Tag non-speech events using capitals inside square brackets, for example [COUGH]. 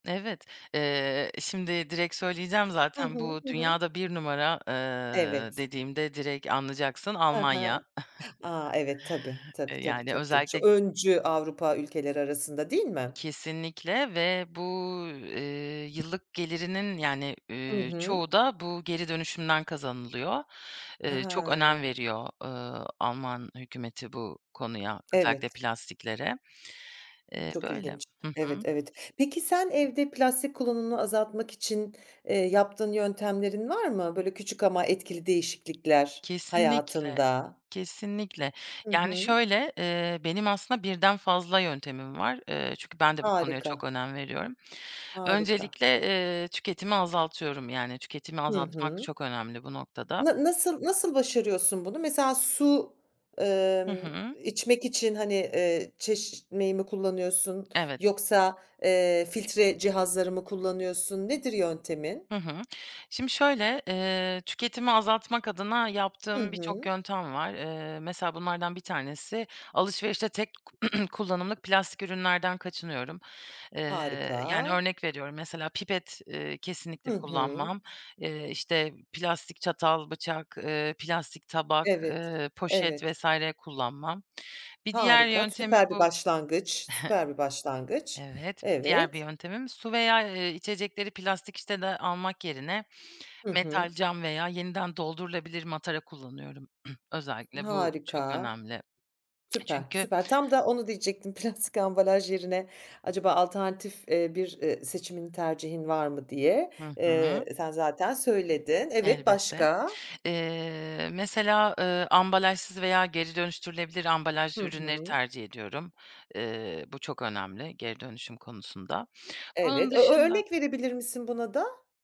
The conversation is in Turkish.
Evet. Eee, şimdi direkt söyleyeceğim Hı zaten hı. bu Hı hı. dünyada 1 numara, eee, Evet. dediğimde direkt anlayacaksın, Ha Almanya, ha. A, evet, tabii, [CHUCKLES] tabii, eee, tabii, yani, tabii. D ç özellikle öncü Avrupa ülkeleri arasında, değil mi? Kesinlikle ve bu, eee, yıllık gelirinin, yani, Hı eee, hı. çoğu da bu geri dönüşümden kazanılıyor. Eee, çok Ha. önem veriyor, ııı, Alman hükümeti bu konuya, özellikle Evet. plastiklere. Eee, Çok böyle. ilginç. Hı Evet, hı. evet. Peki, sen evde plastik kullanımını azaltmak için, eee, yaptığın yöntemlerin var mı? Böyle, küçük ama etkili değişiklikler Kesinlikle. hayatında. Kesinlikle, Hı yani, hı. şöyle, eee, benim aslında birden fazla yöntemim var. Eee, çünkü ben de bu konuya Harika. çok önem veriyorum. Harika. Öncelikle, eee, tüketimi azaltıyorum, yani, tüketimi Hı azaltmak hı. çok önemli bu noktada. Na nasıl nasıl başarıyorsun bunu? Mesela, su, Hı emm, hı. içmek için, hani, eee, çeşmeyi mi kullanıyorsun Evet. yoksa, eee, filtre cihazları mı kullanıyorsun? Nedir yöntemin? Hı hı. Şimdi şöyle, eee, tüketimi azaltmak adına Hı yaptığım birçok hı. yöntem var. Eee, mesela, bunlardan bir tanesi, alışverişte tek [CLEARS THROAT] kullanımlık plastik ürünlerden kaçınıyorum, eee, yani, Harika. örnek veriyorum, mesela, pipet, eee, kesinlikle Hı hı. kullanmam. Eee, işte, plastik çatal, bıçak, eee, plastik tabak, Evet, eee, poşet evet. vs. kullanmam. Bir diğer Harika. yöntemi Süper bir bu başlangıç. [CHUCKLES] Süper bir başlangıç. Evet, bir diğer bir Evet. yöntemim su veya, eee, içecekleri plastik şişede almak yerine Hı metal, hı. cam veya yeniden doldurulabilir matara kullanıyorum. [CLEARS THROAT] Özellikle bu çok Harika. önemli. [SMACKS LIPS] Süper, Çünkü süper. Tam da onu diyecektim. Plastik ambalaj yerine, acaba alternatif, eee, bir, eee, seçimin, tercihin var mı, diye. Hı Eee, hı. sen zaten söyledin. Evet, Elbette. başka? Eee, mesela, eee, ambalajsız veya geri dönüştürülebilir Hı ambalajlı ürünleri hı. tercih ediyorum. Eee, bu çok önemli geri dönüşüm konusunda. Onun Evet. Ö ö dışında örnek verebilir misin buna da?